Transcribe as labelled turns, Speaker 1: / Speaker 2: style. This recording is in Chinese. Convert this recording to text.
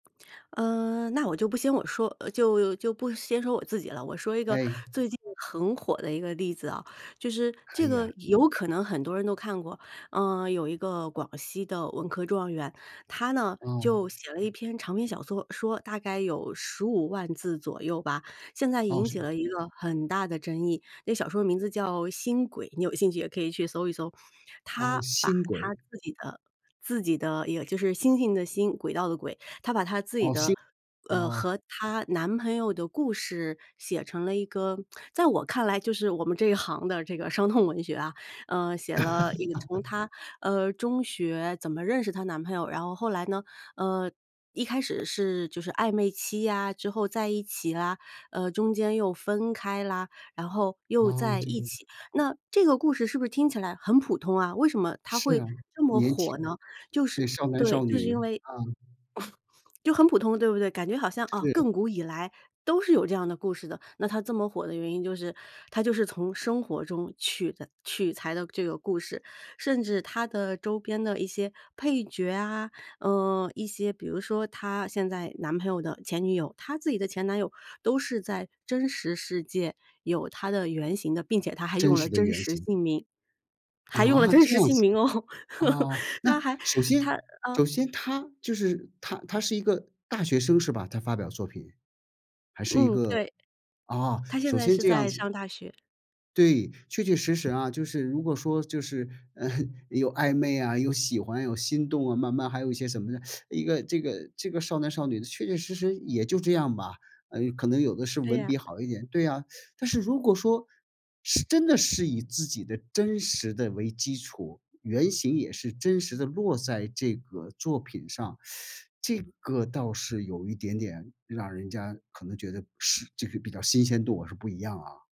Speaker 1: 嗯，那我就不先我说，就就不先说我自己了，我说一个
Speaker 2: 哎。
Speaker 1: 最近很火的一个例子啊，就是
Speaker 2: 可
Speaker 1: 这
Speaker 2: 以
Speaker 1: 个
Speaker 2: 啊。
Speaker 1: 有可能很多人都看过。嗯，有一个广西的文科状元，她呢就
Speaker 2: 嗯。
Speaker 1: 写了一篇长篇小说说，大概有15万字左右吧。现在
Speaker 2: 哦，
Speaker 1: 引起
Speaker 2: 是
Speaker 1: 了一个很大的争议，这小说的名字叫《星轨》，你有兴趣也可以去搜一搜。
Speaker 2: 哦
Speaker 1: 她把
Speaker 2: 《星
Speaker 1: 她
Speaker 2: 轨》。
Speaker 1: 自己的自己的也就是星星的星，轨道的轨，她把她自己
Speaker 2: 哦，
Speaker 1: 的，
Speaker 2: 星
Speaker 1: 呃，
Speaker 2: 哦。
Speaker 1: 和她男朋友的故事写成了一个在我看来就是我们这一行的这个伤痛文学啊。嗯，写了一个从 她，呃，中学怎么认识她男朋友，然后后来呢，呃，一开始是就是暧昧期啊之后在一起啊，呃，中间又分开啦，然后又
Speaker 2: 啊，
Speaker 1: 在
Speaker 2: 这
Speaker 1: 一
Speaker 2: 个
Speaker 1: 起。那这个故事是不是听起来很普通啊，为什么它
Speaker 2: 是
Speaker 1: 会
Speaker 2: 啊，
Speaker 1: 这么
Speaker 2: 年轻。
Speaker 1: 火呢？就
Speaker 2: 对，
Speaker 1: 是
Speaker 2: 少男
Speaker 1: 对，
Speaker 2: 少
Speaker 1: 就是
Speaker 2: 女，
Speaker 1: 因为
Speaker 2: 啊。
Speaker 1: 就很普通对不对？感觉好像，啊，
Speaker 2: 是。
Speaker 1: 亘古以来，都是有这样的故事的。那它这么火的原因就是它就是从生活中取的取材的这个故事，甚至它的周边的一些配角啊，呃，一些比如说她现在男朋友的前女友，她自己的前男友都是在真实世界有它的原型的，并且它还
Speaker 2: 真
Speaker 1: 用了
Speaker 2: 实的
Speaker 1: 真
Speaker 2: 原
Speaker 1: 实
Speaker 2: 型。
Speaker 1: 姓名，还用了
Speaker 2: 啊？
Speaker 1: 真
Speaker 2: 这
Speaker 1: 实
Speaker 2: 样
Speaker 1: 姓
Speaker 2: 子。
Speaker 1: 名哦，
Speaker 2: 哦，那
Speaker 1: 它还
Speaker 2: 首
Speaker 1: 它
Speaker 2: 先
Speaker 1: 啊
Speaker 2: 首先她就是她她是一个大学生，是吧？她发表作品，还是一
Speaker 1: 嗯，
Speaker 2: 个
Speaker 1: 对。
Speaker 2: 啊，
Speaker 1: 她现
Speaker 2: 首
Speaker 1: 在
Speaker 2: 先
Speaker 1: 是
Speaker 2: 这样
Speaker 1: 在
Speaker 2: 子。
Speaker 1: 上大学。
Speaker 2: 对，确确实实啊。就是如果说就是，呃，有暧昧啊，有喜欢有心动啊，慢慢还有一些什么呢，一个这个这个少男少女的确确实实也就这样吧，呃，可能有的是
Speaker 1: 对
Speaker 2: 文
Speaker 1: 呀。
Speaker 2: 笔好一点，对啊。但是如果说，是真的是以自己的真实的为基础，原型也是真实的落在这个作品上，这个倒是有一点点让人家可能觉得是这个比较新鲜度是不一样啊。